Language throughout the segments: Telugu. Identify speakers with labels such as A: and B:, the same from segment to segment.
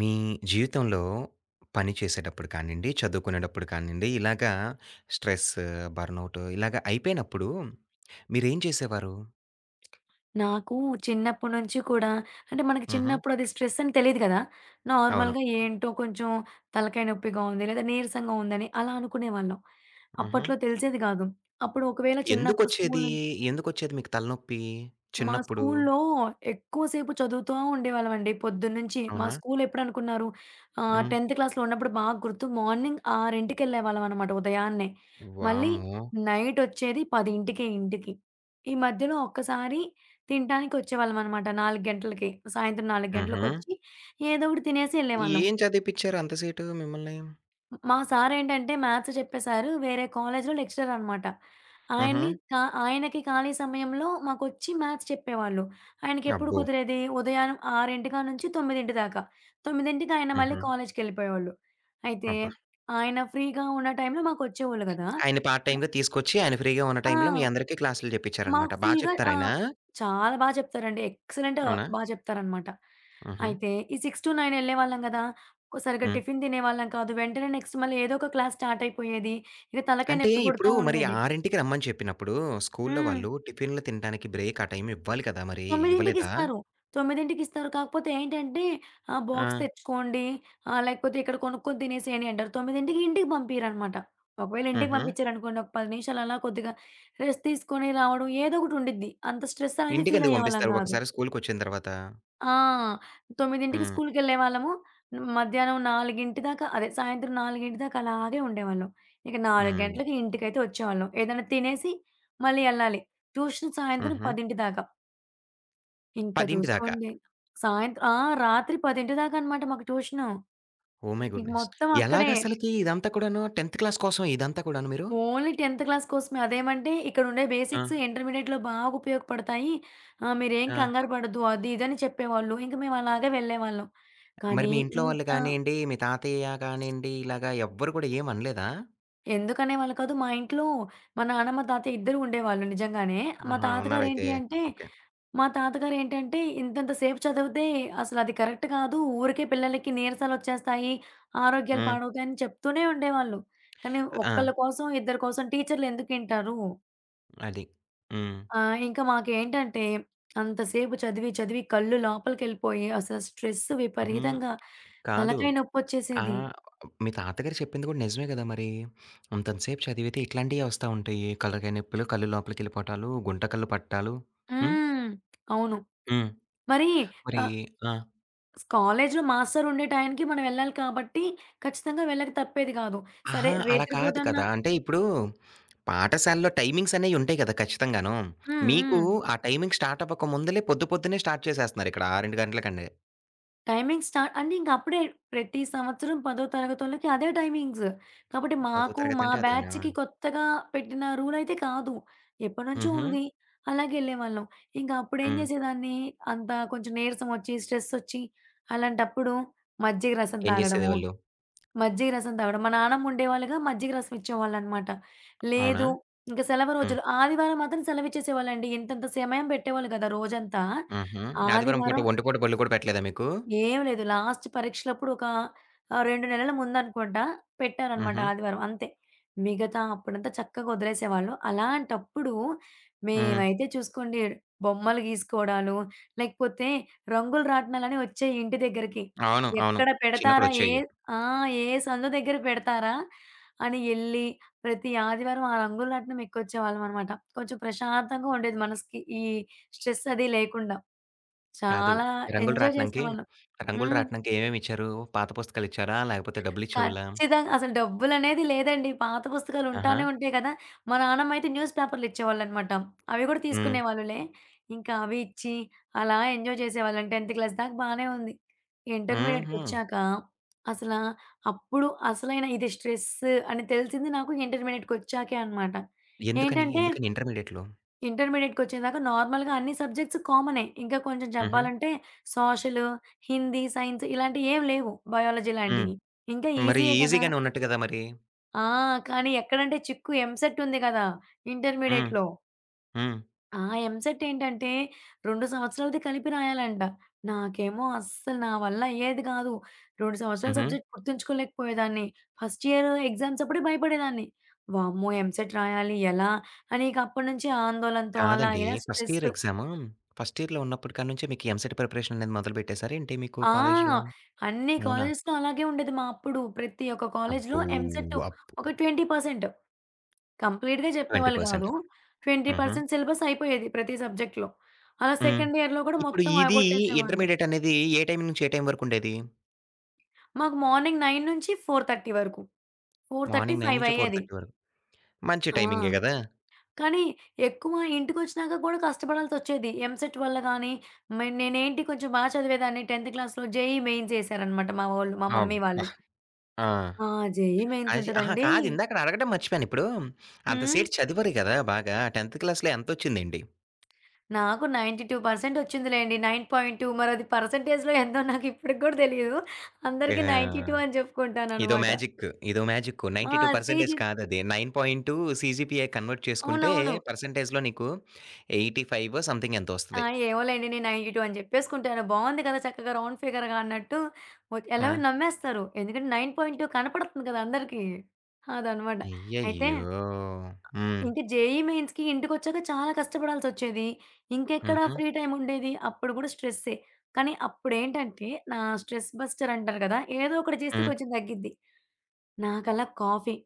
A: మీ జీవితంలో పని చేసేటప్పుడు కానియండి, చదువుకునేటప్పుడు కానియండి ఇలాగా స్ట్రెస్, బర్నౌటూ ఇలాగ అయిపోయినప్పుడూ మీరేం చేసేవారు?
B: నాకు చిన్నప్పుడి నుంచి కూడా అంటే మనకు
A: హుహు.
B: చిన్నప్పుడు అది స్ట్రెస్సని తెలీదు గదా!
A: అవును.
B: నార్మల్‌గా ఏంటో కొంచెం తలకాయ నొప్పిగా ఉంది. లేదా నీరసంగా ఉందని అలా అనుకునేవాళ్ళం.
A: హుహు.
B: అప్పట్లో తెలిసేది గాదు. అప్పుడు ఒకవేళ చిన్నప్పుడు స్కూలు
A: ఎందుకొచ్చేదీ?
B: నుం
A: ఎందుకొచ్చేది మీకు తలనొప్పి?
B: మా
A: చిన్నప్పుడు?
B: స్కూల్లో ఎక్కువసేపు చదువుతా ఉండేవాళ్ళమండి పొద్దున్నించి. మా
A: అవునా?
B: స్కూలెప్పుడనుకున్నారు ఆహ్,
A: హ్మ్.
B: 10థ్ క్లాస్‌లో ఉన్నప్పుడు బాగా గుర్తు మార్నింగ్ 6కి యెళ్ళేవాళ్ళంనమాట ఉదయాన్నే. మళ్ళీ
A: వామ్మో!
B: నైటొచ్చేది 10కే ఇంటికి. ఈ మధ్యలో ఒక్కసారి తింటానికి వచ్చేవాళ్ళమనమాట, 4 గంటలకి. సాయంత్రం 4
A: హుహు.
B: గంటలకొచ్చి ఏదో ఒకటి తినేసి యెళ్ళేవాళ్ళం.
A: ఏం చదివిపిచ్చారు అంత సేటు మిమ్మల్ని?
B: హ్మ్. మా సారేంటంటే మ్యాథ్స్ చెప్పే సారు వేరే కాలేజీలో లెక్చరనమాట. ఆయన్ని
A: హుహు.
B: ఖా ఆయనకి ఖాళీ సమయంలో మాకొచ్చి మ్యాథ్స్ చెప్పేవాళ్ళు. ఆయనకెప్పుడు
A: అబ్బో!
B: కుదిరేది? ఉదయాన 6 కాడ్నుంచి, 9 దాకా 9కి ఆయన మళ్ళీ
A: హుహు.
B: కాలేజ్‌కెళ్ళిపోయేవాళ్ళు. అయితే,
A: అబ్బా!
B: ఆయన ఫ్రీగా ఉన్న టైంలో మాకొచ్చేవోళ్ళు గదా!
A: ఆయన్ని పార్ట్
B: క
A: టైమ్‌గా తీసుకొచ్చి ఆయన ఫ్రీగా ఉన్న
B: ఆ!
A: టైంలో మీ అందరికీ క్లాసులు
B: మాకు
A: చెప్పించారనమాట. బా
B: ఫుల్‌గా ఆ!
A: చెప్తారాయనా?
B: చాలా బా జెప్తారండి. ఎక్సలెంట్
A: అవునా?
B: బా జెప్తారనమాట.
A: హుహు.
B: అయితే ఈ 6-9 యెళ్ళేవాళ్ళం గదా! ఒక సరిగ్గా
A: హ్మ్.
B: టిఫిన్ తినేవాళ్ళం కాదు. వెంటనే నెక్స్ట్ మళ్ళీ ఏదో ఒక క్లాస్ స్టార్టయిపోయేది. ఇగ తలకాయ
A: అంటే
B: నెప్పి పుడుతా
A: ఇప్పుడు మరి
B: ఉండేది.
A: 6కి రమ్మని చెప్పినప్పుడు స్కూల్లో
B: హ్మ్.
A: వాళ్ళు టిఫినులు తింటానికి బ్రేక్ ఆ టైం ఇవ్వాలి కదా! మరి
B: 9కి
A: ఇవ్వలేదా?
B: ఇస్తారు. 9కి ఇస్తారు. కాకపోతే ఏంటంటే ఆహ్, బాక్స్
A: ఆ!
B: తెచ్చుకోండి ఆహ్, లేకపోతే ఇక్కడ కొనుక్కొని తినేసేయండి అంటారు. 9కి ఇంటికి పంపియరనమాట. ఒకవేళ ఇంటికి
A: హుహు.
B: పంపిచ్చారనుకోండి ఒక 10 నిమిషాలు అలా కొద్దిగా రెస్ట్ తీసుకొని రావడం ఏదో ఒకటుండిద్ది. అంత స్ట్రెస్సనేది
A: ఇంటికెందుకు
B: ఫీలయ్యేవాళ్ళం
A: పంపిస్తారు
B: గాదు.
A: ఒక్కసారి స్కూలుకొచ్చిన తర్వాత?
B: ఆ! 9కి
A: హ్మ్.
B: స్కూలుకెళ్ళేవాళ్ళము. మధ్యాహ్నం 4 దాకా అదే సాయంత్రం 4 దాకా అలాగే ఉండేవాళ్ళం. ఇక 4
A: హ్మ్.
B: గంటలకి ఇంటికైతే వచ్చేవాళ్ళం. ఏదన్నా తినేసి మళ్ళీ యెళ్ళాలి. ట్యూషన్ సాయంత్రం
A: హుహు.
B: 10 దాకా. ఇంక
A: 10 దాకా.
B: జూసుకోండి, సాయంత్ర ఆ! రాత్రి 10 దాకా అనమాట మాకు ట్యూషను.
A: ఓహ్ మై
B: ఇక
A: గుడ్‌నెస్.
B: మొత్తం అక్కడే.
A: ఎలాగసలకి ఇదంతా కూడాను 10థ్ క్లాస్ కోసమా ఇదంతా కూడాను మీరు?
B: ఓన్లీ 10థ్ క్లాస్ కోసమే. అదేమంటే ఇక్కడుండే బేసిక్స్
A: ఆ!
B: ఇంటర్మీడియేట్‌లో బాగా ఉపయోగపడతాయి. ఆహ్, మీరేం
A: ఆ!
B: కంగారుపడద్దు అది, ఇదిని చెప్పేవాళ్ళు. ఇంక మేము అలాగే వెళ్ళేవాళ్ళం.
A: మరి
B: కానీ
A: మీ ఇంట్లో వాళ్ళు
B: ఇంత
A: కానియండి, మీ తాతయ్య కానియండి ఇలాగ ఎవ్వరు కూడా ఏం అనలేదా?
B: ఎందుకనేవాళ్ళు కాదు. మా ఇంట్లో మా నాన్నమ్మ, తాతయ ఇద్దరూ ఉండేవాళ్ళు నిజంగానే. మా
A: ఆహా!
B: తాతగారు
A: ఉన్నారైతే.
B: ఏంటి అంటే
A: ఓకే.
B: మా తాతగారు ఏంటంటే, ఇంతంత సేపు చదివితే, అసలు అది కరెక్ట్ కాదు. ఊరికే పిల్లలకి నీరసలొచ్చేస్తాయి. ఆరోగ్యాలు
A: హ్మ్.
B: పాడవుతాయని చెప్తూనే ఉండేవాళ్ళు. కానీ
A: అ ఆ!
B: ఒక్కళ్ళ కోసం, ఇద్దరి కోసం టీచర్లు ఎందుకింటారు?
A: అది. హ్మ్.
B: ఆ! ఇంకా మాకేంటంటే, అంతసేపు చదివి, చదివి కళ్ళు లోపలికెళ్ళిపోయి అసలు స్ట్రెస్
A: ఉహూ.
B: విపరీతంగా,
A: కాదు
B: తలకాయ
A: ఆ!
B: నొప్పొచ్చేసేది.
A: మీ తాతగారు చెప్పింది కూడా నిజమే గదా మరి! అంతంత సేపు చదివితే ఇట్లాంటియే ఒస్తా ఉంటాయి. కళ్ళ కయినొప్పులు, కళ్ళు లోపలికి ఎళ్ళిపోవటాలు, గుంట కళ్ళు పట్టాలు. హ్మ్.
B: హ్మ్. అవును.
A: హ్మ్.
B: మరి
A: మరి
B: ఆహ్
A: ఆ!
B: కాలేజీ‌లో మాస్టరు ఉండే టైంకి మనం ఎళ్ళాలి కాబట్టి, ఖచ్చితంగా వెళ్ళక తప్పేది కాదు. సరే
A: అహా! అలా కాదు
B: రేత్రిపూటన్నా
A: కదా! అంటే ఇప్పుడు, పాఠశాలలో టైమింగ్సనేయుంటాయి కదా! ఖచ్చితంగాను.
B: హ్మ్.
A: మీకు
B: హ్మ్.
A: ఆ టైమింగ్ స్టార్టవ్వక ముుందులే పొద్దు పొద్దున్నే స్టార్ట్ చేసేస్తున్నారిక్కడ. ఆరెండు గంటలకండే.
B: టైమింగ్ స్టా అంటే ఇంకప్పుడే ప్రతి సంవత్సరం పదో తరగతొళ్ళకి అదే టైమింగ్స్. కాబట్టి,
A: పదో
B: మాకు
A: తరగతి
B: మా
A: అంటే అదోనా
B: బ్యాచ్‌కి కొత్తగా పెట్టిన రూలయితే కాదు. ఎప్పడినుంచో
A: హుహు.
B: ఉంది. అలాగేళ్ళే వాళ్ళం. ఇంక అప్పుడేం
A: హ్మ్.
B: జేసేదాన్ని, అంత కొంచెం నీరసం ఒచ్చి, స్ట్రెస్ ఒచ్చి, అలాంటప్పుడు మజ్జిగ రసం
A: ఏం
B: తాగడము.
A: జేసేదేవాళ్ళు?
B: మజ్జిగ రసం తగడం. మా నాన్నమ్మ ఉండేవాళ్ళుగా. మజ్జిగ రసం ఇచ్చేవాళ్ళనమాట.
A: అవునా?
B: లేదు ఇంక సెలవు
A: హ్మ్.
B: రోజులు, ఆదివారం మాత్రం సెలవిచ్చేసేవాళ్ళండి. ఇంతంత సమయం పెట్టేవాళ్ళు గద రోజంతా.
A: హుహు. ఆదివారం పూట
B: ఆదివారం
A: ఒంటిపూట బళ్ళు కూడా పెట్టలేదా మీకు?
B: ఏం లేదు. లాస్ట్ పరీక్షలప్పుడు ఒక ఆహ్, 2 నెలలు ముందనుకోంట, పెట్టారనమాట
A: హుహు.
B: ఆదివారం అంతే. మిగతా అప్పుడంతా చక్కగా ఒదిలేసేవాళ్ళు. అలాంటప్పుడు
A: హ్మ్.
B: మేమైతే చూసుకోండి బొమ్మలు గీసుకోడాలు, లేకపోతే రంగులు రాట్నాలని ఒచ్చేయి ఇంటి దెగ్గరికి.
A: అవును. అవును.
B: ఎక్కడ పెడతారా? ఏ
A: చిన్నప్పుడొచ్చేయ్యి.
B: ఆ! ఏ సండు దెగ్గర పెడతారా? అని ఎళ్ళి ప్రతి ఆదివారం ఆ రంగులు రాట్నం ఎక్కొచ్చేవాళ్ళమనమాట. కొంచెం ప్రశాంతంగా ఉండేది మనసుకి ఈ స్ట్రెస్ అది లేకుండా.
A: కాదు.
B: చాలా
A: ఈ రంగులు
B: ఎంజాయ్
A: రాట్నంకి,
B: చేసేవాళ్ళం.
A: రంగులు
B: హ్మ్.
A: రాట్నంకి ఏవేం ఇచ్చారు? పాత పుస్తకాలిచ్చారా? లాకపోతే డబ్బులిచ్చేవొళ్ళా?
B: ఖచ్చితంగా అసలు డబ్బులునేది లేదండి. పాత పుస్తకాలుంటానే
A: ఆహా!
B: ఉంటయి గదా! మా నాన్నమ్మయితే న్యూస్ పేపర్‌లిచ్చేవాళ్ళనమాట. అవి గూడా
A: హ్మ్.
B: తీసుకునేవాళ్ళులే. ఇంకా అవి ఇచ్చి, అలా ఎంజాయ్ చేసేవాళ్ళం. 10థ్ క్లాస్ దాకా బానే ఉంది.
A: హుహు.
B: ఇంటర్మీడియేట్‌కొచ్చాక. అసలా అప్పుడు అసలైనా ఇది స్ట్రెస్ అని తెలిసింది నాకు ఇంటర్మీడియట్‌కొచ్చాకే అనమాట.
A: ఎందుకని
B: ఏంటంటే
A: ఎందుకని ఇంటర్మీడియేట్‌లో?
B: ఇంటర్మీడియేట్‌కొచ్చేదాకా నార్మల్‌గా అన్ని సబ్జెక్ట్స్ కామనే. ఇంకా కొంచెం
A: హుహు.
B: జెప్పాలంటే సోషలు, హిందీ, సైన్స్ ఇలాంటియి ఏమి లేవు బయాలజీ
A: హ్మ్.
B: లాంటియి. ఇంక
A: మరీ
B: ఈజీయే కదా!
A: ఈజీగానే ఉన్నట్టు గదా మరి!
B: ఆ! కానీ ఎక్కడంటే చిక్కు ఎంసెట్ ఉంది కదా,
A: హ్మ్.
B: ఇంటర్మీడియేట్‌లో.
A: హ్మ్.
B: ఆ! ఎంసెటేంటంటే 2 సంవత్సరాలది కలిపి రాయాలంట. నాకేమో అస్సల నా వల్ల అయ్యేది కాదు. 2 సంవత్సరాల
A: హుహు.
B: సబ్జెక్ట్ గుర్తుంచుకోలేకపోయేదాన్ని. ఫస్ట్ ఇయర్ ఎగ్జామ్స్ అప్పుడే భయపడేదాన్ని. వామ్మో! ఎంసెట్ రాయాలి ఎలా? అనిక అప్పటి నుంచి ఆందోళనతో అలా
A: కాదండి.
B: ఇలా
A: ఫస్ట్
B: స్ట్రెస్.
A: ఇయరెగ్జాము, ఫస్ట్ ఇయర్‌లో ఉన్నప్పటి కానుంచే మీకు ఎంసెట్ ప్రిపరేషన్ అనేది మొదలుపెట్టేసారేంటి మీకు
B: ఆ!
A: కాలేజ్‌లో?
B: అన్ని
A: అవునా?
B: కాలేజెస్‌లో అలాగే ఉండేది మా అప్పుడు ప్రతి ఒక్క కాలేజ్‌లో
A: అబ్బో!
B: ఎంసెట్
A: వాప్.
B: ఒక 20%, కంప్లీట్‌గా
A: ట్వెంటీ
B: చెప్పేవాళ్ళు
A: పర్సెంట్,
B: కాదు. ట్వెంటీ
A: హుహు.
B: పర్సెంట్, సిలబస్ అయిపోయేది ప్రతి సబ్జెక్ట్‌లో. అలా
A: హ్మ్.
B: సెకండ్ ఇయర్‌లో కూడా
A: ఇప్పుడు
B: మొత్తం
A: ఇదీ
B: ఆగొట్టేసేవాళ్ళు.
A: ఇంటర్మీడియేటనేది ఏ టైం నుంచి ఏ టైం వరకు ఉండేది?
B: మాకు మార్నింగ్ 9 నుంచి 4:30 వరకు. ఫోర్ థర్టీ
A: మార్నింగ్ 9
B: ఫైవ్
A: నుంచి ఫోర్
B: అయ్యేది.
A: థర్టీ వరకు. మంచి
B: ఆ!
A: టైమింగే గదా!
B: కానీ ఎక్కువ ఇంటికొచ్చినాక కూడా కష్టపడాల్సొచ్చేది. ఎంసెట్ వల్లగానీ మే నేనేంటి కొంచెం బా చదివేదాన్ని 10థ్ క్లాస్‌లో జేఈఈ మెయిన్సేఏసారనమాట మా ఓళ్ళు, మా
A: అబ్బ!
B: మమ్మీ వాళ్ళు.
A: ఆ!
B: ఆ! జెఈఈ
A: ఆచి అహా!
B: మెయిన్సుంటదండి.
A: కాదు ఇందాకడ అడగడం మర్చిపోయానిప్పుడు
B: హ్మ్.
A: అంతసేపు చదివారు గదా! బాగా 10థ్ క్లాస్‌లో ఎంతొచ్చిందేంటి?
B: నాకు 92 పర్సంట్ ఒచ్చిందిలెండి 9.2 మరది పర్సంటేజ్‌లో ఎంతో నాకు ఇప్పుడికి గూడా తెలీదు.
A: ఆ!
B: అందరికి 92 అని
A: ఇదో
B: జెప్పుకుంటాననమాట.
A: మ్యాజిక్, ఇదో మ్యాజిక్కు.
B: ఆ!
A: 92 పర్సంటేజ్
B: సీజీ
A: కాదది. 9.2 సీజీపీఏ కన్వర్ట్ చేసుకుంటే
B: అవునవును.
A: పర్సంటేజ్‌లో నీకు ఎయిటీ ఫైవో సంథింగ్ ఎంతో
B: ఆ!
A: వస్తది.
B: ఏమోలెండి. నేను 92 అని జెప్పేసుకుంటాను. బావుంది గదా! చక్కగా రౌండ్ ఫిగర్‌గా అన్నట్టు వ ఎలాగో
A: ఆ!
B: నమ్మేస్తారు. ఎందుకంటే, 9.2 కనపడుతుంది కదా! అందరికీ. అదనమాట. అయితే
A: అయ్యయ్యో! హ్మ్.
B: ఇంకీ జేఈఈ మెయిన్స్‌కి ఇంటికొచ్చాక చాలా కష్టపడాల్సొచ్చేది. ఇంకెక్కడ
A: హుహు.
B: ఫ్రీ టైమ్ ఉండేది అప్పుడు గూడా స్ట్రెస్సే. కానీ, అప్పుడేంటంటే నా స్ట్రెస్ బస్టర్ అంటారు గదా! ఏదో ఒకటి జేస్తే
A: హ్మ్.
B: కొంచెం తగ్గిద్ది. నాకలా కాఫీ.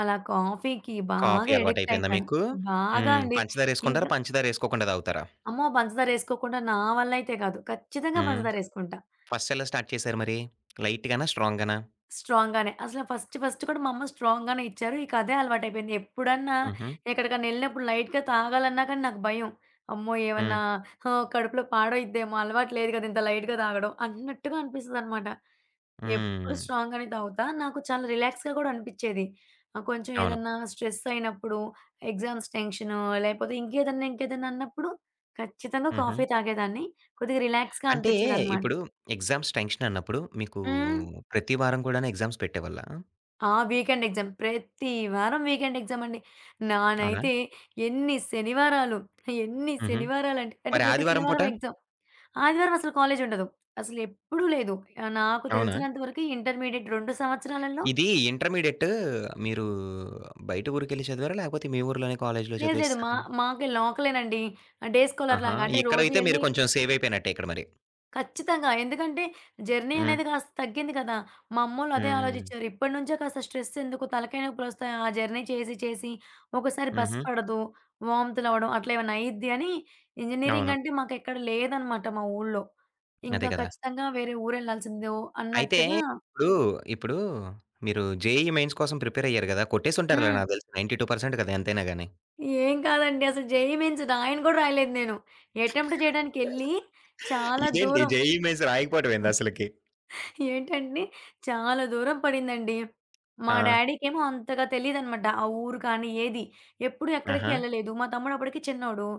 B: అలా కాఫీకి
A: కాఫీ
B: బాగా అడిక్ట్
A: అలవాటయిపోయిందా
B: అయిపోయాను.
A: మీకు?
B: బాగా
A: హ్మ్.
B: అండి.
A: పంచదారేసుకుంటారా?
B: ఇంకా
A: పంచదార ఏసుకోకుండా తాగుతారా?
B: అమ్మో! పంచదారేసుకోకుండా నా వల్లయితే గాదు. ఖచ్చితంగా
A: హ్మ్.
B: పంచదారేసుకుంటా.
A: ఫస్ట్ ఎలా స్టార్ట్ చేశారు మరి? లైట్‌ గానా? స్ట్రాంగ్‌ గానా?
B: స్ట్రాంగ్ గానే. అసలు ఫస్ట్ ఫస్ట్ కూడా మా అమ్మ స్ట్రాంగ్‌ గానే ఇచ్చారు. ఇక అదే అలవాటయిపోయింది. ఎప్పుడన్నా
A: హుహు.
B: ఎక్కడికన్నా ఎళ్ళినప్పుడు లైట్‌గా తాగాలన్నా కానీ నాకు భయం. అమ్మో! ఏవన్నా
A: హ్మ్.
B: ఆహ్, కడుపులో పాడయిద్దేమో అలవాటు లేదు గదా! ఇంత లైట్‌గా తాగడం అన్నట్టుగా అనిపిస్తదనమాట. ఎప్పుడు
A: హ్మ్.
B: స్ట్రాంగ్ గానే తాగుతా. నాకు చాలా రిలాక్స్‌గా గూడా అనిపిచ్చేది. ఆహ్, కొంచెం
A: అవును.
B: ఏదన్నా స్ట్రెస్ అయినప్పుడు, ఎగ్జామ్స్ టెన్షను, లేపోతే ఇంకేదన్నా ఇంకేదన్నా అన్నప్పుడు ఖచ్చితంగా
A: హుహు.
B: కాఫీ తాగేదాన్ని. కొద్దిగా రిలాక్స్‌గా
A: అంటే,
B: అనిపిచ్చేదనమాట.
A: ఇప్పుడు ఎగ్జామ్స్ టెన్షన్ అన్నప్పుడు మీకూ
B: హ్మ్.
A: ప్రతి వారం గూడాను ఎగ్జామ్స్ పెట్టేవాళ్ళా?
B: ఆ! Weekend exam. ప్రతి వారం వీకెండ్ ఎగ్జామ్ అండి.
A: అవునా?
B: నానైతే ఎన్ని శనివారాలు, ఎన్ని
A: హుహు.
B: శనివారాలంటే
A: మరి
B: ప్రతి
A: ఆదివారం పూట?
B: శనివారం ఎగ్జామ్. ఆదివారం అసలు కాలేజుండదు. అసలు ఎప్పుడూ లేదు. ఆ! నాకు
A: అవునా?
B: తెలిసినంతవరకు ఇంటర్మీడియేట్ 2 సంవత్సరాలలో
A: ఇది ఇంటర్మీడియట్ మీరు బయట ఊరికెళ్లి చదివారా? లాకపోతే మీ ఊర్లోనే కాలేజీలో
B: లేదు. లేదు. మా
A: చదివేసారా?
B: మాకే లోకలే అండి. ఆహ్, డే
A: ఆహా!
B: స్కాలర్స్‌లాగా అంటే రోజు
A: ఇక్కడైతే మీరు
B: ఎళ్లి
A: కొంచెం సేవయిపోయినట్టే ఇక్కడ మరి.
B: ఖచ్చితంగా. ఎందుకంటే, జర్నీ అనేది
A: హ్మ్.
B: కాస్త తగ్గింది కదా! మా అమ్మోళ్లు అదే
A: హ్మ్.
B: ఆలోచిచ్చారు. ఇప్పటినుంచే కాస్త స్ట్రెసెందుకు తలకాయనొప్పులొస్తాయి. ఆ జర్నీ చేసి చేసి. ఒకసారి బస్
A: హుహు.
B: పడదు. వాంతులవడం. అట్లేమన్నా అయిద్ది అని. ఇంజినీరింగ్
A: అవును.
B: అంటే, మాకెక్కడ లేదనమాట మా ఊళ్లో. ఇంగ
A: అదే కదా!
B: ఖచ్చితంగా వేరే ఊరెళ్లాల్సిందే. ఓ
A: అయితే
B: అన్నట్టుగా
A: ఇప్పుడు ఇప్పుడు మీరు జేఈఈ మెయిన్స్ కోసం ప్రిపేర్ అయ్యారు గదా! కొట్టేసుంటారులే
B: హ్మ్.
A: నాకు తెలిసి 92% గదా ఎంతైనా గానీ.
B: ఏం కాదండి. అసలు జేఈఈ మెయిన్స్ రాయను కూడా రాయలేదు నేను. ఎటెంప్ట్ జేయడానికెళ్లి, చాలా
A: ఇదేంటి
B: దూరం.
A: జేఈఈ మెయిన్స్ రాయకపోవడం ఏంది అసలకి?
B: ఏంటండీ, చాలా దూరం పడిందండి. మా
A: ఆ!
B: డాడీకేమో అంతగా తెలీదనమాట. ఆ ఊరు గానీ, ఏదీ. ఎప్పుడు ఎక్కడికి
A: ఆహా!
B: ఎళ్లలేదు. మా తమ్ముడు అప్పదడికి చిన్నోడు.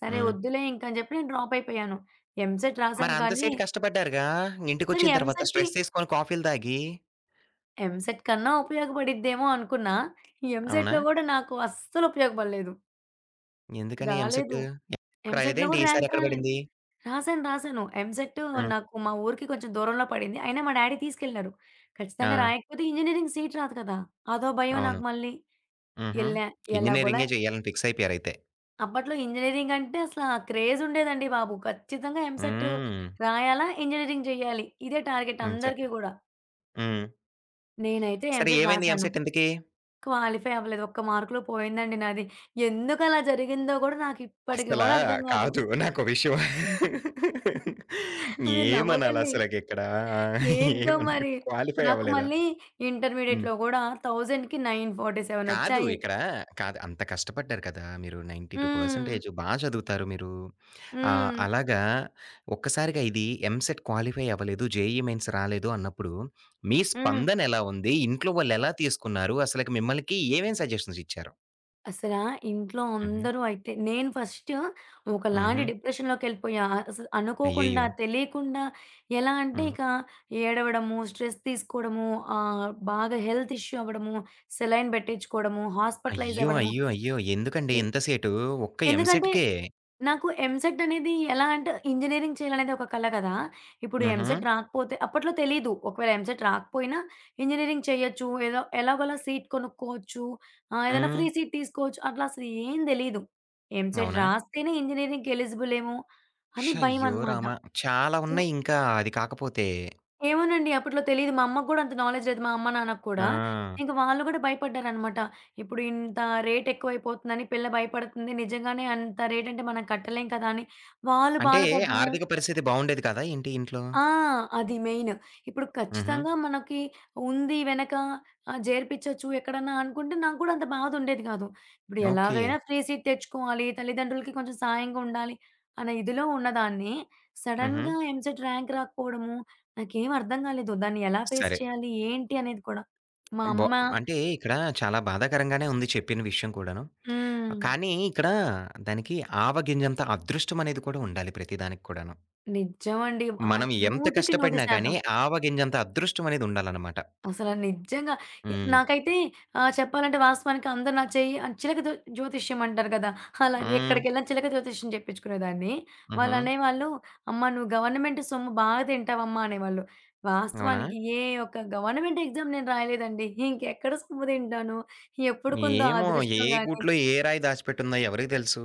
B: సరే,
A: ఆ!
B: ఒద్దులే ఇంక అని జెప్పి నేను డ్రాపయిపోయాను. ఎంసెట్
A: మరి
B: రాశాను కానీ
A: అంతసేటు కష్టపడ్డారుగా!
B: సరే,
A: ఇంటికొచ్చిన తర్వాత
B: ఎంసెట్‌కి
A: స్ట్రెసేసుకొని కాఫీలు తాగి.
B: ఎంసెట్ కన్నా ఉపయోగపడిద్దేమో అనుకున్నా.
A: అవునా?
B: ఎంసెట్‌లో గూడా నాకు అస్సలు ఉపయోగపడలేదు.
A: ఎందుకనీ ఎంసెట్
B: రాలేదు.
A: ఎప్పుడు రాయలేద
B: ఎంసెట్‌లో
A: ఏంటి?
B: కూడా
A: ఈసారి
B: ర్యాంక్
A: ఎక్కడ
B: రాలే.
A: పడింది?
B: రాశాను, రాశాను. ఎంసేట్
A: హ్మ్.
B: నాకు మా ఊరికి కొంచెం దూరంలో పడింది. అయినా మా డాడీ తీసుకెళ్లారు. ఖచ్చితంగా
A: ఆ!
B: రాయకపోతే ఇంజినీరింగ్ సీట్ రాదు కదా! అదో భయం
A: అవును.
B: నాకు మళ్లీ.
A: హుహు.
B: ఎల్లా, ఎలాగోల
A: ఇంజినీరింగే చేయాలని ఫిక్స్ అయిపోయారైతే.
B: అప్పట్లో ఇంజినీరింగ్ అంటే అసలే క్రేజ్ ఉండేదండి బాబు. ఖచ్చితంగా ఎంసెట్
A: హ్మ్.
B: రాయాల, ఇంజినీరింగ్ చేయాలి. ఇదే టార్గెట్
A: హ్మ్. చె
B: అందరికీ కూడా.
A: హ్మ్.
B: నేనైతే
A: సరే,
B: ఎంసెట్
A: ఏమైంది?
B: రాశాను.
A: ఎంసెట్ ఇంతకీ?
B: క్వాలిఫై అవ్వలేదు. ఒక్క మార్కులో పోయిందండి నాది. ఎందుకలా జరిగిందో కూడా నాకిప్పటికీ
A: అస్సలా
B: కూడా అర్థం కాదు.
A: కాదు. నాకో విషయం,
B: మీరు నవ్వకండి.
A: ఏమనాలసలకిక్కడ!
B: ఏంటో
A: ఏమనాలి?
B: మరి?
A: క్వాలిఫై
B: నాకు
A: అవ్వలేదా?
B: మళ్లీ
A: హ్మ్.
B: ఇంటర్మీడియట్‌లో కూడా 1000కి 947
A: కాదు,
B: వచ్చాయి.
A: ఇక్కడ కాదు. అంత కష్టపడ్డారు కదా! మీరు 92%
B: హ్మ్.
A: పర్సంటేజ్ బా చదువుతారు మీరు. ఆహ్,
B: హ్మ్.
A: అలాగా ఒక్కసారిగా ఇది ఎంసెట్ క్వాలిఫై అవ్వలేదు, జేఈఈ మెయిన్స్ రాలేదు అన్నప్పుడు మీ
B: హ్మ్.
A: స్పందన ఎలా ఉంది? ఇంట్లో వాళ్లు ఎలా తీసుకున్నారు? అసలకి మీకు ఏమేం సజెషన్స్ ఇచ్చారు?
B: అసల ఇంట్లో
A: హుహు.
B: అందరూ అయితే నేను ఫస్ట్ ఒకలాంటి
A: హుహు.
B: డిప్రెషన్‌లోకి వెళ్లిపోయా. అసలు అనుకోకుండా,
A: అయ్యయ్యో!
B: తెలియకుండా ఎలా అంటే
A: హ్మ్.
B: ఇక ఏడవడము, స్ట్రెస్ తీసుకోవడము, ఆహ్, బాగా హెల్త్ ఇష్యూ అవ్వడము, సెలైన్ పెట్టించుకోవడము, హాస్పిటలైజ్
A: అయ్యో!
B: అవ్వడము,
A: అయ్యో! అయ్యో! ఎందుకండి
B: ని
A: ఇంతసేటు ఒక్క
B: ఎందుకంటే
A: ఎంసెట్‌కే?
B: నాకు ఎంసెట్ అనేది ఎలా అంటే ఇంజినీరింగ్ చేయాలనేది ఒక కల కదా! ఇప్పుడు
A: హుహు.
B: ఎంసెట్ రాకపోతే అప్పట్లో తెలీదు. ఒకవేళ ఎంసెట్ రాకపోయినా, ఇంజినీరింగ్ చేయొచ్చు. ఏదో ఎలాగోలా సీట్ కొనుక్కోవచ్చు. ఆహ్, ఏదైనా ఫ్రీ
A: హ్మ్.
B: సీట్ తీసుకోవచ్చు. అట్లా అసలు ఏం తెలీదు. ఎంసెట్
A: అవునా?
B: రాస్తేనే ఇంజినీరింగ్‌కి ఎలిజిబుల్ ఏమో, అని
A: షయ్యో
B: భయమనమాట.
A: రామా! చాలా
B: సో
A: ఉన్నాయింకా అది కాకపోతే.
B: ఏమోనండి. అప్పట్లో తెలీదు. మా అమ్మకు కూడా అంత నాలెడ్జ్ లేదు. మా అమ్మ, నాన్నకి కూడా.
A: ఆ!
B: ఇంక వాళ్లు కూడా భయపడ్డారనమాట. ఇప్పుడింత రేట్ ఎక్కువైపోతుందని, పిల్ల భయపడుతుంది. నిజంగానే అంత రేట్ అంటే మనం కట్టలేం కదా! అని వాళ్లు
A: అంటే
B: బాధపడ్డము
A: ఆర్థిక పరిస్థితి బావుండేది కాదా ఏంటి ఇంట్లో?
B: ఆ! అది మెయిన్ ఇప్పుడు
A: హుహు.
B: ఖచ్చితంగా మనకి ఉంది వెనక ఆహ్, జేరిపించొచ్చు ఎక్కడన్నా అనుకుంటే నాకు కూడా అంత బాధ ఉండేది కాదు. ఇప్పుడు ఎలాగైనా
A: ఓకే.
B: ఫ్రీ సీట్ తెచ్చుకోవాలి. తల్లిదండ్రులకి కొంచెం సాయంగా ఉండాలి అన్న ఇదిలో ఉన్నదాన్ని,
A: హుహు.
B: సడన్‌గా ఎంసెట్ ర్యాంక్ రాకపోవడము, నాకేమీ అర్థం కాలేదు. దాన్ని ఎలా ఫేస్
A: సరే.
B: చేయాలి? ఏంటి అనేది కూడా. మా
A: బో
B: అమ్మ
A: అంటే ఇక్కడ చాలా బాధాకరంగానే ఉంది చెప్పిన విషయం కూడాను.
B: హ్మ్.
A: కానీ, ఇక్కడ దానికి ఆవగింజంత అదృష్టం అనేది కూడా ఉండాలి ప్రతిదానికి కూడాను.
B: నిజమండి. ఆ!
A: మనం ఎంత
B: నూటికి నూరు
A: కష్టపడినా కానీ,
B: శాతం.
A: ఆవగింజంత అదృష్టం అనేది ఉండాలన్నమాట.
B: అసలు ఆహ్, నిజంగా ఎ
A: హ్మ్.
B: నాకైతే ఆహ్, చెప్పాలంటే, వాస్తవానికి అందరూ నా చెయ్యి చిలక జో జ్యోతిష్యం అంటారు కదా! అలా
A: హ్మ్.
B: ఎక్కడికెళ్లినా చిలక జ్యోతిష్యం చెప్పించుకునే దాన్ని.
A: హుహు.
B: వాళ్లనేవాళ్లు, "అమ్మా, నువ్వు గవర్నమెంట్ సొమ్ము బాగా తింటావమ్మా" అనేవాళ్లు.
A: అవునా?
B: వాస్తవానికి ఏ ఒక్క గవర్నమెంట్ ఎగ్జామ్ నేను రాయలేదండి. ఇంకెక్కడ సొమ్ము తింటాను? ఎప్పుడుంటుందో
A: ఏమో! ఏ
B: అదృష్టం గానీ.
A: గూట్లో, ఏ రాయి దాచిపెట్టుందో, ఎవరికీ తెలుసు?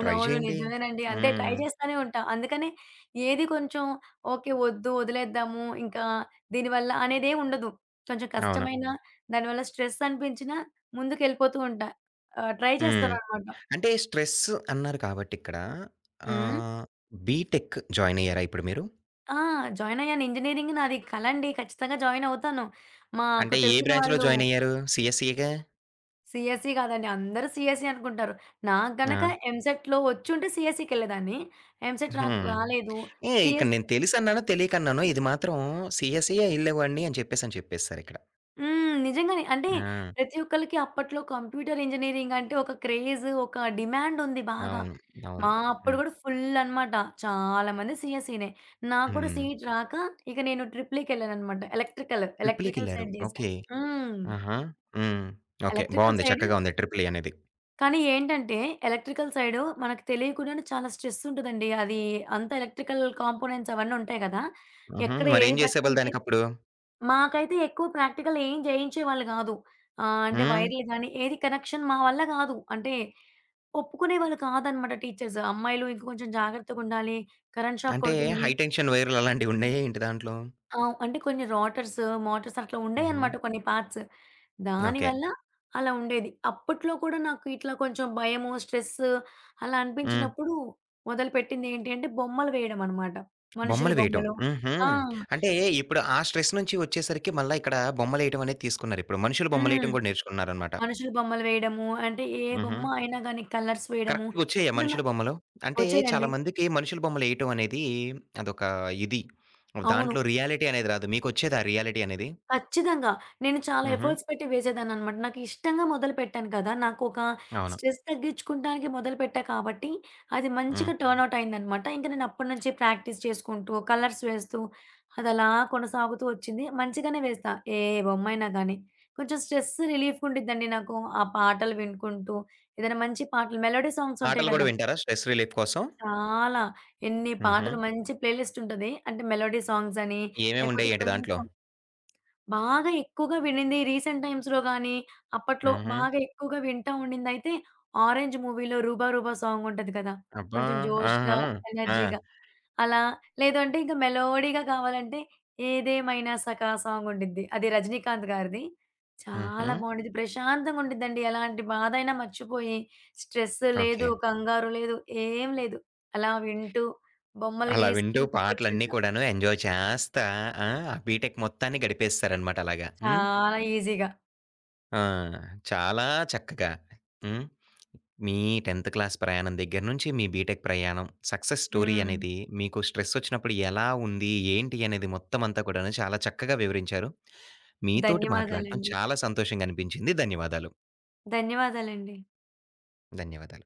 A: ట్రై చేయండి.
B: నిజమేనండి. అంతే ట్రై
A: హ్మ్.
B: చేస్తూనే ఉంటా. అందుకనే, ఏది కొంచెం ఓకే, వద్దు, వదిలేద్దాము. ఇంకా దీనివల్ల అనేదేమీ ఉండదు. కొంచెం
A: అవును.
B: కష్టమైన దానివల్ల స్ట్రెస్ అనిపించినా, ముందుకెళ్లిపోతూ ఉంటా. ఆహ్, ట్రై
A: హ్మ్.
B: చేస్తాననమాట.
A: అంటే స్ట్రెస్ అన్నారు కాబట్టి, ఇక్కడ
B: హ్మ్?
A: ఆహ్, బీటెక్ జాయిన్ అయ్యారా ఇప్పుడు మీరు?
B: ఆ! జాయిన్ అయ్యాను. ఇంజినీరింగ్ నాది కలండి. ఖచ్చితంగా జాయిన్ అవుతాను. మాకు
A: అంటే ఏ
B: తెలిసిన
A: బ్రాంచ్‌లో
B: వాళ్లు
A: జాయిన్ అయ్యారు? సీఎస్‌‌సిగా?
B: సీఎస్‌సీ కాదండి. అందరూ సీఎస్‌సీ అనుకుంటారు. నాకు గనక
A: ఆ!
B: ఎంసెట్‌లో వచ్చుంటే సీఎస్‌సీకేళ్లేదాన్ని. ఎంసెట్
A: హుహు.
B: రాక్ రాలేదు.
A: ఏ, ఇక్కడ నేను
B: సీఎస్‌సి
A: తెలిసి అన్నానో, తెలియక అన్నానో ఇది మాత్రం సీఎస్‌ఈ ఎల్లేవాడ్ని అని చెప్పేసి అని చెప్పేశారు ఇక్కడ.
B: హ్మ్. నిజంగానే అంటే
A: ఆ!
B: ప్రతి ఒక్కళ్లకి అప్పట్లో కంప్యూటర్ ఇంజినీరింగ్ అంటే ఒక క్రేజ్ ఒక డిమాండుంది బాగా.
A: అవును.
B: మా
A: అవును.
B: అప్పుడు
A: హ్మ్.
B: కూడా ఫుల్ అనమాట. చాలామంది సీఎస్‌‌సినే నా కూడా
A: హ్మ్.
B: సీట్ రాక ఇక నేను ట్రిపుల్‌ఈకి ఎళ్లాననమాట. ఎలక్ట్రికల్, ఎలక్ట్రికల్
A: ట్రిప్లీకెళ్లారు.
B: సైడ్ జేశా.
A: ఓకే.
B: హ్మ్.
A: ఆహా! హ్మ్. ఓకే.
B: ఎలక్ట్రికల్
A: బావుంది
B: సైడ్
A: చక్కగా ఉంది ట్రిపులీ అనేది.
B: కానీ ఏంటంటే ఎలక్ట్రికల్ సైడ్‌ మనకు తెలియక కూడానే చాలా స్ట్రెస్ ఉంటదండి. అది అంతా ఎలక్ట్రికల్ కాంపోనెంట్స్ అవన్నీ ఉంటాయి కదా!
A: హుహు!
B: ఎక్కడ
A: మరేం
B: ఏది
A: జేసావాళ్ళు
B: పట్టుకుంటే
A: దానికప్పుడు?
B: మాకైతే ఎక్కువ ప్రాక్టికలేం చేయించేవాళ్లు కాదు. ఆహ్, అంటే
A: హ్మ్.
B: వైర్లు గానీ, ఏదీ కనెక్షన్ మా వల్ల కాదు అంటే ఒప్పుకునేవాళ్లు కాదనమాట టీచర్స్ అమ్మాయిలు ఇంక కొంచెం జాగ్రత్తగా ఉండాలి. కరెంట్ షాక్
A: అంటే
B: కొడుతుంది.
A: హై టెన్షన్ వైర్లు అలాంటివి ఉన్నాయా ఏంటి దాంట్లో?
B: ఆ! అంటే కొన్ని రోటర్స్, మోటర్స్ అట్లా
A: హుహు.
B: ఉండేవన్నమాట. కొన్ని పార్ట్స్
A: ఓకే.
B: దానివల్ల అలా ఉండేది. అప్పట్లో కూడా నాకు ఇట్లా కొంచెం భయము, స్ట్రెస్ అలా
A: హ్మ్.
B: అనిపించినప్పుడు మొదలుపెట్టింది ఏంటి అంటే బొమ్మలు వేయడమనమాట. మనుషుల
A: బొమ్మలు వేయటం.
B: బొమ్మలు.
A: హుహు.
B: ఆ!
A: అంటే ఇప్పుడు ఆ స్ట్రెస్ నుంచి ఒచ్చేసరికి మళ్లీ ఇక్కడ బొమ్మలేయటం అనేది తీసుకున్నారు ఇప్పుడు. మనుషుల బొమ్మలు
B: హ్మ్.
A: వేయటం కూడా నేర్చుకుంటున్నారనమాట.
B: మనుషుల బొమ్మలు వేయడం. అంటే ఏ
A: హుహు.
B: బొమ్మ అయినా గానీ కలర్స్ వేయడం
A: కరెక్ట్‌గోచ్చాయా
B: అంటే
A: మనుషుల
B: నాకు
A: బొమ్మలు? అంటే
B: వచ్చేయండీ.
A: చాలామందికి మనుషుల బొమ్మలు ఏయటం అనేది అదొక ఇది.
B: అవును.
A: దాంట్లో రియాలిటీ అనేది రాదు. మీకొచ్చేదా రియాలిటీ అనేది?
B: ఖచ్చితంగా. నేను చాలా
A: హుహు.
B: ఎఫర్ట్స్ పెట్టి వేసేదాననమాట. నాకు ఇష్టంగా మొదలుపెట్టాను కదా! నాకొక
A: అవును.
B: స్ట్రెస్ తగ్గించుకోవడానికి మొదలుపెట్టా కాబట్టి అది
A: హ్మ్.
B: మంచిగా టర్న్‌అవుట్ అయిందనమాట. ఇంక నేను అప్పటినుంచి ప్రాక్టీస్ చేసుకుంటూ కలర్స్ వేస్తూ అదలా కొనసాగుతూ వచ్చింది. మంచిగానే వేస్తా. ఏ బొమ్మైనా గానీ. కొంచెం స్ట్రెస్ రిలీఫ్ ఉండేదండి నాకు. ఆ పాటలు వినుకుంటూ ఏదైనా మంచి పాటలు మెలోడీ సాంగ్స్ ఉంటాయి
A: పాటలు కూడా
B: కదా!
A: వింటారా స్ట్రెస్ రిలీఫ్ కోసం?
B: చాలా, ఎన్ని
A: హుహు.
B: పాటలు, మంచి ప్లేలిస్ట్ ఉంటది. అంటే మెలోడీ సాంగ్స్ అని, లేకపోతే
A: ఏమేముండేయి ఏంటి
B: కొంచెం
A: దాంట్లో?
B: బాగా ఎక్కువగా విన్నింది. రీసెంట్ టైమ్స్‌లో గానీ, అప్పట్లో
A: హుహు.
B: బాగా ఎక్కువగా వింటా ఉండిందయితే 'ఆరెంజ్' మూవీలో రూబా రూబా సాంగ్ ఉంటది కదా!
A: అబ్బా!
B: కొంచెం జోష్‌గా,
A: ఆహా! ఆ!
B: ఎనర్జీగా అలా. లేదు అంటే ఇంక మెలోడీగా కావాలంటే 'ఏదేమైనా సఖ' సాంగుండిది. అది 'రజనీకాంత్' గారిది. చాలా
A: హుహు!
B: బావుండేది. ప్రశాంతంగా ఉండేదండి. ఎలాంటి బాధయినా మర్చిపోయి, స్ట్రెస్ లేదు,
A: ఓకే.
B: కంగారు లేదు, ఏం లేదు. అలా వింటూ బొమ్మలు
A: అలా వింటూ
B: గీసుకుంటూ
A: పాటలన్నీ
B: కూర్చుంటా.
A: కూడాను ఎంజాయ్ చేస్తా ఆ బీటెక్ మొత్తాన్ని గడిపేస్తారనమాట అలాగా. హ్మ్.
B: చాలా ఈజీగా.
A: ఆ! చాలా చక్కగా హ్మ్. మీ 10థ్ క్లాస్ ప్రయాణం దగ్గర నుంచి, మీ బీటెక్ ప్రయాణం, సక్సెస్ స్టోరీ
B: హ్మ్.
A: అనేది, మీకు స్ట్రెస్ వచ్చినప్పుడు ఎలా ఉంది? ఏంటి? అనేది మొత్తమంతా కూడాను చాలా చక్కగా వివరించారు. మీతోటి మాట్లాడటం
B: ధన్యవాదాలండి.
A: చాలా సంతోషంగా అనిపించింది. ధన్యవాదాలు.
B: ధన్యవాదాలండి.
A: ధన్యవాదాలు.